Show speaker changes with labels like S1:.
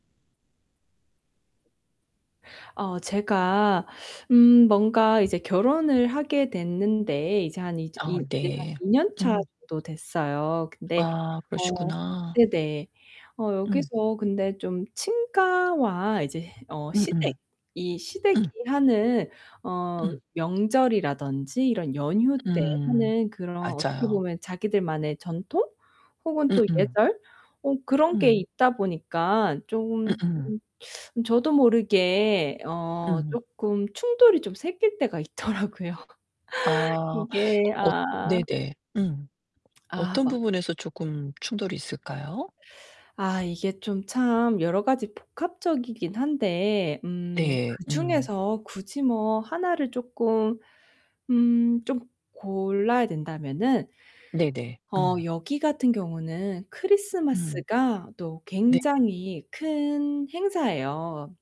S1: 어 제가 음 뭔가 이제 결혼을 하게 됐는데 이제 한 이제
S2: 어
S1: 이 이제 한
S2: 네.
S1: 2 년차
S2: 음.
S1: 정도 됐어요. 근데
S2: 아
S1: 어
S2: 그러시구나.
S1: 네네. 어
S2: 음.
S1: 여기서 근데 좀 친가와 이제 어
S2: 음음.
S1: 시댁 이 시댁이
S2: 음.
S1: 하는 어
S2: 음.
S1: 명절이라든지 이런 연휴 때
S2: 음.
S1: 하는 그런 어떻게
S2: 맞아요.
S1: 보면 자기들만의 전통? 혹은 또
S2: 음음.
S1: 예절? 어 그런 게
S2: 음.
S1: 있다 보니까 쪼금
S2: 음음.
S1: 음 저도 모르게 어
S2: 음.
S1: 쪼끔 충돌이 좀 생길 때가 있더라고요.
S2: 아.
S1: 이게
S2: 어
S1: 아
S2: 네네. 음.
S1: 아
S2: 어떤
S1: 맞
S2: 부분에서 쪼금 충돌이 있을까요?
S1: 아 이게 좀 참 여러 가지 복합적이긴 한데 음
S2: 네.
S1: 그
S2: 음.
S1: 중에서 굳이 뭐 하나를 쪼끔 음 좀 골라야 된다면은
S2: 네네.
S1: 어
S2: 음.
S1: 여기 같은 경우는
S2: 음.
S1: 크리스마스가 또
S2: 네.
S1: 굉장히 큰 행사예요.